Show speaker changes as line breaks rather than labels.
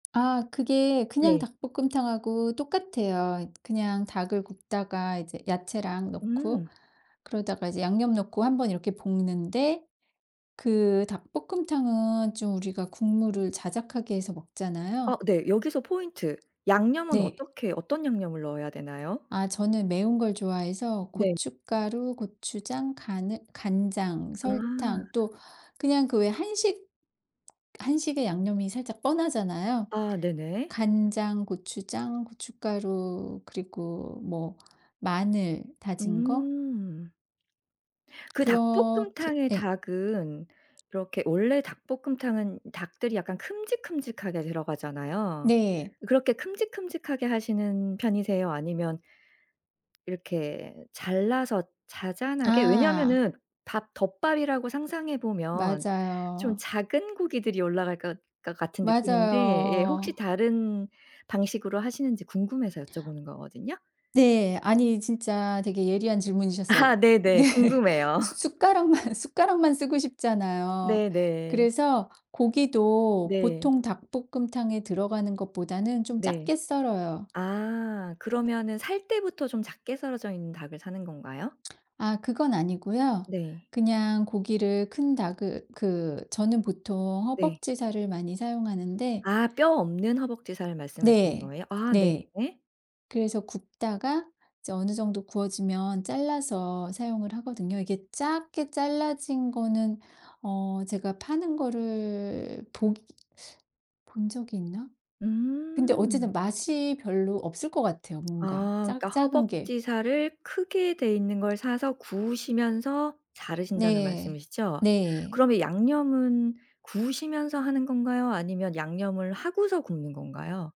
아 그게 그냥
네.
닭볶음탕하고 똑같아요. 그냥 닭을 굽다가 이제 야채랑 넣고
음.
그러다가 이제 양념 넣고 한번 이렇게 볶는데 그 닭볶음탕은 좀 우리가 국물을 자작하게 해서
아.
먹잖아요.
네. 여기서 포인트, 양념은
네.
어떻게 어떤 양념을 넣어야 되나요?
아 저는 매운 걸 좋아해서
네.
고춧가루, 고추장, 가느 간장, 설탕
아.
또 그냥 그 왜 한식 한식의 양념이 살짝 뻔하잖아요.
아. 네네.
간장, 고추장, 고춧가루 그리고 뭐 마늘 다진 거.
음. 그
그렇게
닭볶음탕의
예.
닭은 이렇게 원래 닭볶음탕은 닭들이 약간 큼직큼직하게 들어가잖아요.
네.
그렇게 큼직큼직하게 하시는 편이세요 아니면 이렇게 잘라서 자잔하게
아.
왜냐하면은 밥 덮밥이라고 상상해 보면 좀
맞아요.
작은 고기들이 올라갈 것 것 같은 느낌인데 예 혹시
맞아요.
다른 방식으로 하시는지 궁금해서 여쭤보는 거거든요.
네. 아니 진짜 되게 예리한 질문이셨어요.
아. 네네.
예.
궁금해요.
수 숟가락만, 숟가락만 쓰고 싶잖아요.
네네.
그래서 고기도
네.
보통 닭볶음탕에 들어가는 것보다는 좀
네.
작게 썰어요.
아. 그러면은 살 때부터 좀 작게 썰어져 있는 닭을 사는 건가요?
아 그건 아니고요.
네.
그냥 고기를 큰 닭을 그 저는 보통
네.
허벅지 살을 많이 사용하는데
아. 뼈 없는 허벅지살을 말씀하시는
네.
거예요? 아 네.
네. 그래서 굽다가 이제 어느 정도 구워지면 잘라서 사용을 하거든요. 이게 작게 잘라진 거는 어 제가 파는 거를 복 본 적이 있나? 근데
음.
어쨌든 맛이 별로 없을 것 같아요 뭔가
아. 그러니까
작 작은 게.
허벅지 살을 크게 돼 있는 걸 사서 구우시면서 자르신다는
네.
말씀이시죠.
네.
그러면 양념은 구우시면서 하는 건가요, 아니면 양념을 하고서 굽는 건가요?